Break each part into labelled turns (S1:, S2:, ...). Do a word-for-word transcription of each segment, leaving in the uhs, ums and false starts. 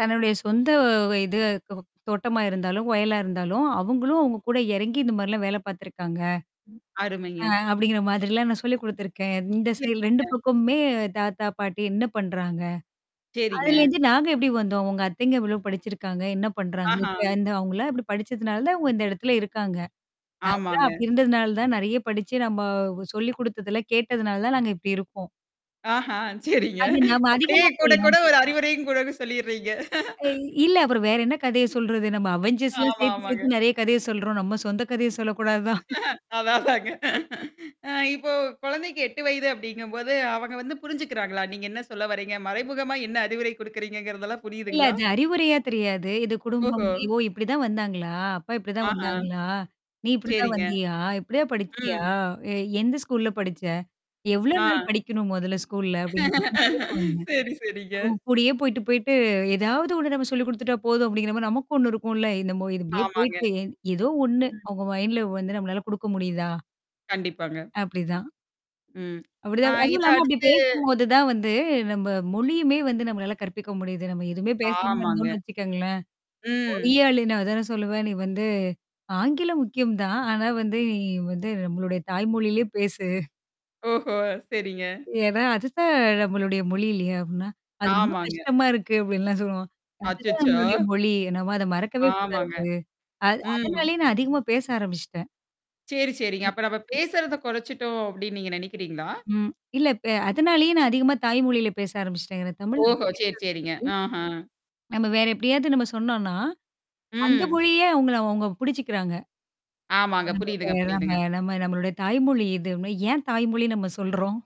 S1: தன்னுடைய சொந்த வ இது தோவ தோட்டமா இருந்தாலும், வயலா இருந்தாலும், அவுங்களும் அவுங்க கூட இறங்கி இந்தமாரிலாம் வேல பார்த்துருக்காங்க.
S2: ம்.
S1: ஆ
S2: அருமைங்க.
S1: அப்பிடிங்கிற மாதிரிலாம் நான் சொல்லிக் குடுத்துருக்கேன். இந்த செயல் ரெண்டு
S2: சரிங்க.
S1: பக்கமுமே தாத்தா, பாட்டி என்ன பண்றாங்க?
S2: சரிங்க.
S1: அதுலருந்து நாங்க எப்பிடி வந்தோம்? உங்க அத்தைங்க எவ்ளோ படிச்சிருக்காங்க? என்ன பண்றாங்க?
S2: ஆஹா!
S1: இப்ப இந்த அவுங்களாம் இப்பிடி படிச்சதுனால தான் இங்க இந்த இடத்துல இருக்காங்க. நான்லாம்
S2: ஆமாங்க.
S1: அப்பிடி இருந்ததுனால தான், நெறைய படிச்சு நம்ம சொல்லி குடுத்ததெல்லாம் கேட்டதுனால தான் நாங்க இப்பிடி இருக்கோம்.
S2: ஆஹா! சரிங்க.
S1: அது நம்ம
S2: அப்பிடியே
S1: அதிகமா
S2: கூட,
S1: சொல்லும்.
S2: கூட ஒரு அறிவுரையும் கூட சொல்லிர்றீங்க.
S1: அ இ இல்ல அப்புறம் வேற என்ன கதைய சொல்றது? நம்ம அவெஞ்சர்ஸ்லாம்
S2: ஆமா,
S1: சேர்த்து,
S2: ஆமாங்க.
S1: சேர்த்து நெறைய கதைய சொல்றோம். நம்ம சொந்த கதைய சொல்லக்கூடாதுதான்.
S2: அதான், அதாங்க. அ இப்போ குழந்தைக்கு எட்டு வயது அப்படிங்கம்போது அவங்க வந்து புரிஞ்சுக்கிறாங்களா! நீங்க என்ன சொல்ல வர்றீங்க? மறைமுகமா என்ன அறிவுரை குடுக்குறீங்கங்கிறதெல்லாம்
S1: இல்ல.
S2: புரியுதுங்களா?
S1: அது அறிவுறையா தெரியாது. இது குடும்பம்
S2: ஓஹோ!
S1: ஓ! இப்பிடிதான் வந்தாங்களா? அப்பா இப்பிடிதான்
S2: ஆஹா!
S1: வந்தாங்களா? நீ இப்பிடிதான்
S2: சரிங்க.
S1: வந்தியா, இப்பிடியா படிச்சியா?
S2: ம்.
S1: எ எந்த ஸ்கூல்ல படிச்ச? எவ்ளோ நாள்
S2: ஆ.
S1: படிக்கணும் மொதல்ல ஸ்கூல்ல அப்பிடிங்கிற மாரி. கேப்பாங்க.
S2: சரி, சரிங்க.
S1: அவுங்க கூடயே போயிட்டு, போயிட்டு எதாவது ஒண்ணு நம்ம சொல்லிக் குடுத்துட்டா போதும் அப்பிடிங்கிற மாரி நமக்கும் ஒண்ணு இருக்கும்ல. என்னமோ இதுபடியே
S2: ஆமாங்க.
S1: போயிட்டு ஏதோ ஒண்ணு
S2: ம்.
S1: அவுங்க மைண்ட்ல வந்து நம்மளால குடுக்க முடியுதா?
S2: கண்டிப்பாங்க.
S1: அப்பிடிதான்.
S2: ம். ஆ
S1: அப்பிடிதான். அதுவும்
S2: இத
S1: இல்லாம அப்பிடி
S2: அடுத்து
S1: பேசும்போது தான் வந்து நம்ம மொழியுமே வந்து நம்மளால கற்பிக்க முடியுது. நம்ம எதுவுமே பேசாம
S2: ஆமாங்க.
S1: இருந்தோன்னு வச்சுக்கோங்களேன்!
S2: ம்.
S1: [unintelligible] நான் அதான் சொல்லுவேன். நீ வந்து ஆங்கிலம் முக்கியம் தான். ஆனா வந்து நீ வந்து நம்மளுடைய தாய் மொழியிலேயே பேசு.
S2: ஓஹோ! சரிங்க.
S1: ஏன்னா, அதுதான் நம்மளுடைய மொழி இல்லயா! அப்பிடின்னா, அது ரொம்ப
S2: ஆமாங்க.
S1: கஷ்டமா இருக்கு அப்பிடின்லாம் சொல்லுவான். அதுதான் நம்மளுடைய
S2: அச்சச்சோ!
S1: மொழி. நம்ம அத மறக்கவே கூடாது.
S2: ஆமாங்க.
S1: அது
S2: ம்.
S1: அதனாலேயே நான் அதிகமா பேச ஆரம்பிச்சுட்டேன்.
S2: சரி, சரிங்க. அப்ப நம்ம பேசுறத குறைச்சுட்டோம் அப்பிடின்னு நீங்க நினைக்கிறீங்களா?
S1: ம். இல்ல இப்ப அதனாலேயே நான் அதிகமா தாய் மொழியில பேச ஆரம்பிச்சுட்டேங்கிறேன். தமிழ்
S2: ஓஹோ! சரி,
S1: [unintelligible]
S2: சரிங்க. ஆஹா!
S1: நம்ம வேற எப்பிடியாவது நம்ம சொன்னோன்னா, அந்த
S2: ம்.
S1: மொழியே அவுங்கள அவுங்க புடிச்சுக்கிறாங்க.
S2: ஆமாங்க.
S1: நம்ம பே
S2: புரியுதுங்க, புரியுதுங்க.
S1: நம்ம நம்மளுடைய தாய்மொழி இதுன்பே! "ஏன் தாய்மொழி நம்ம சொல்றோம்?"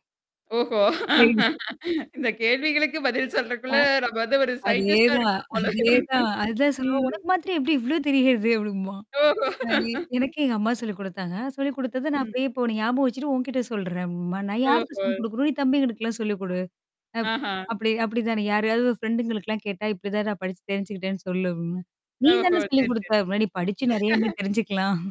S2: ஓஹோ!
S1: [unintelligible]
S2: இந்த கேள்விகளுக்கு பதில்
S1: ஆ.
S2: சொல்றக்குள்ள நம்ம வந்து ஒரு
S1: அதே
S2: சயின்டிஸ்ட்டா
S1: தான்.
S2: இருக்கணும் போல.
S1: அதேதான். அதுதான் சொல்லுவான்,
S2: ம்.
S1: உனக்கு மாத்தரம் எப்பிடி இவ்ளோ தெரியிறது அப்பிடிம்பான்.
S2: ஓஹோ!
S1: அ எ எனக்கு எங்க அம்மா சொல்லிக் குடுத்தாங்க. சொல்லிக் குடுத்தது நான்
S2: ம்.
S1: அப்பிடியே இப்போ ஞாபகம் வச்சுட்டு உன்கிட்ட சொல்றேன்பேன். நான் யார்க்கு
S2: ஓஹோ!
S1: சொல்லிக் குடுக்கணும். நீ தம்பிங்களுக்கெல்லாம் சொல்லிக் குடு. அப்
S2: ஆஹா!
S1: அபபிடி, அப்படிதானே. யாரையாவது உன் ஃப்ரெண்டுங்களுக்குலாம் கேட்டா இப்பிடிதான் நான் படிச்சு தெரிஞ்சுக்கிட்டேன்னு சொல்லு அப்பிடிம்பேன். "நீ
S2: ஓஹோ!
S1: தான சொல்லிக்
S2: சரி, சரி.
S1: குடுத்த" முன்னாடி படிச்சு நெறையாமே தெரிஞ்சுக்கலாம்.